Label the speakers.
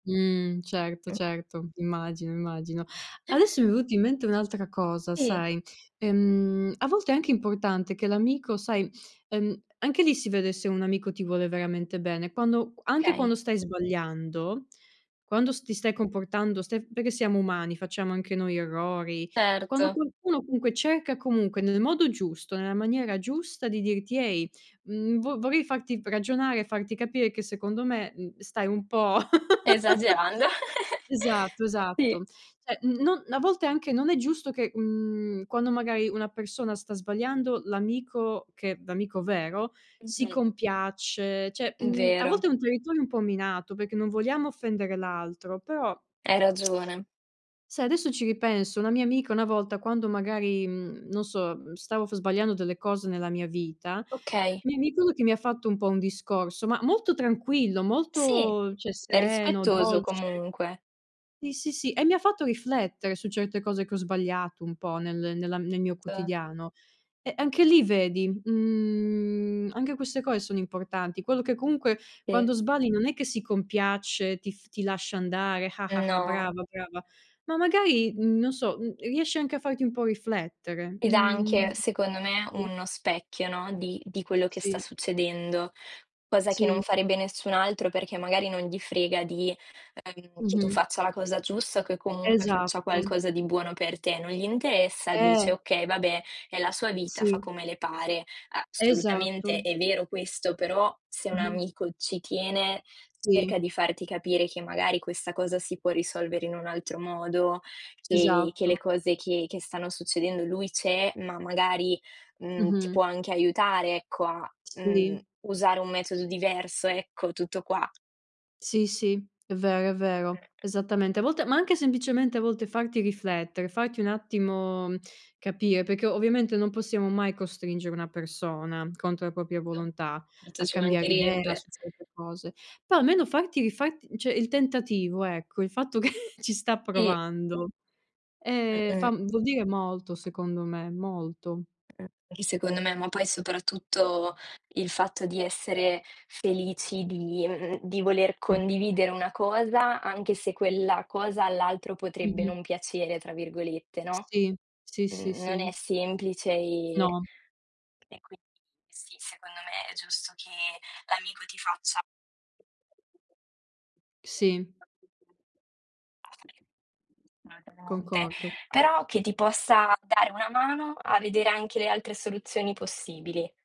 Speaker 1: Mh, certo, certo. Immagino, immagino. Adesso, mi è venuto in mente un'altra cosa
Speaker 2: Sì.
Speaker 1: sai. Ehm, a volte è anche importante che l'amico, sai ehm, anche lì si vede se un amico ti vuole veramente bene quando q anche
Speaker 2: Okay.
Speaker 1: quando stai sbagliando, quando s ti stai comportando, stai perché siamo umani, facciamo anche noi errori, quando
Speaker 2: Erto.
Speaker 1: qualcuno comunque cerca comunque nel modo giusto, nella maniera giusta di dirti: "Ehi, mhmm, vo vorrei farti v ragionare e farti capire che secondo me, mhmm, stai un po'"
Speaker 2: Esagerando.
Speaker 1: esatto,
Speaker 2: Sì.
Speaker 1: esatto. Cioè, mhmm, non a volte anche, non è giusto che, mhmm, quando magari una persona sta sbagliando, l'amico, che l'amico vero, si
Speaker 2: [unintelligible]
Speaker 1: compiace, cioè,
Speaker 2: Mh,
Speaker 1: mhmm, a
Speaker 2: vero.
Speaker 1: volte è un territorio un po' minato, perché non vogliamo offendere l'altro, però
Speaker 2: Hai ragione.
Speaker 1: sai adesso ci ripenso, una mia amica una volta, quando magari, mhmm, non so, mhmm, stavo f sbagliando delle cose nella mia vita,
Speaker 2: Okay.
Speaker 1: mi ricordo che mi ha fatto un po' un discorso, ma molto tranquillo,
Speaker 2: Sì,
Speaker 1: molto cioè
Speaker 2: è
Speaker 1: sereno,
Speaker 2: rispettoso
Speaker 1: dolce.
Speaker 2: comunque.
Speaker 1: Sì, sì, sì, e mi ha fatto riflettere su certe cose che ho sbagliato un po' nel nella nel mio
Speaker 2: [unintelligible]
Speaker 1: quotidiano. E anche lì vedi, mhmm, anche queste cose sono importanti. Quello che comunque
Speaker 2: E
Speaker 1: quando sbagli, non è che si compiace, ti f ti lascia andare:
Speaker 2: No.
Speaker 1: "brava, brava." Ma magari, mhmm, non so, mhmm, riesce anche a farti un po' riflettere,
Speaker 2: Ed
Speaker 1: mhmm,
Speaker 2: anche, secondo me,
Speaker 1: sì.
Speaker 2: uno specchio, no, di di quello che sta
Speaker 1: Sì.
Speaker 2: succedendo. Cosa che
Speaker 1: Sì.
Speaker 2: non farebbe nessun altro, perché magari non gli frega di, ehm, che tu
Speaker 1: Mh-mh.
Speaker 2: faccia la cosa giusta, o che comunque faccia
Speaker 1: Esatto.
Speaker 2: qualcosa di buono per te. Non gli interessa,
Speaker 1: Eh!
Speaker 2: dice: "Okay, vabbè, è la sua vita fa
Speaker 1: Sì.
Speaker 2: come le pare." Assolutamente
Speaker 1: Esatto.
Speaker 2: è vero questo, però se un
Speaker 1: [unintelligible]
Speaker 2: amico ci tiene, cerca
Speaker 1: Sì.
Speaker 2: di farti capire che magari questa cosa si può risolvere in un altro modo, che che le
Speaker 1: Esatto.
Speaker 2: cose che che stanno succedendo lui c'è, ma magari, mhmm, ti
Speaker 1: Mh-mh.
Speaker 2: può anche aiutare ecco a, mhmm,
Speaker 1: Sì.
Speaker 2: usare un metodo diverso, ecco, tutto qua.
Speaker 1: Sì, sì, è vero, è vero, esattamente. A volte ma anche semplicemente, a volte, farti riflettere, farti un attimo capire, perché ovviamente non possiamo mai costringere una persona contro la propria
Speaker 2: [unintelligible]
Speaker 1: volontà,
Speaker 2: Erto,
Speaker 1: a
Speaker 2: ci
Speaker 1: cambiare idea
Speaker 2: mancherebbe.
Speaker 1: su certe cose. Però almeno farti rifarti cioè il tentativo, ecco, il fatto che ci sta
Speaker 2: Sì.
Speaker 1: provando, ehm, fa
Speaker 2: Mh-mh.
Speaker 1: mhmm, vuol dire molto secondo me, molto.
Speaker 2: [unintelligible] Secondo me. Ma poi soprattutto il fatto di essere felici di mhmm, di voler condividere una cosa, anche se quella cosa all'altro potrebbe
Speaker 1: Mh-mh.
Speaker 2: "non piacere," tra virgolette, no,
Speaker 1: Sì, sì, sì,
Speaker 2: mhmm, non è
Speaker 1: sì.
Speaker 2: semplice, e
Speaker 1: No.
Speaker 2: e qui sì, secondo me è giusto che l'amico ti faccia
Speaker 1: Sì.
Speaker 2: [unintelligible]
Speaker 1: Concordo.
Speaker 2: però, che ti possa dare una mano a vedere anche le altre soluzioni possibili.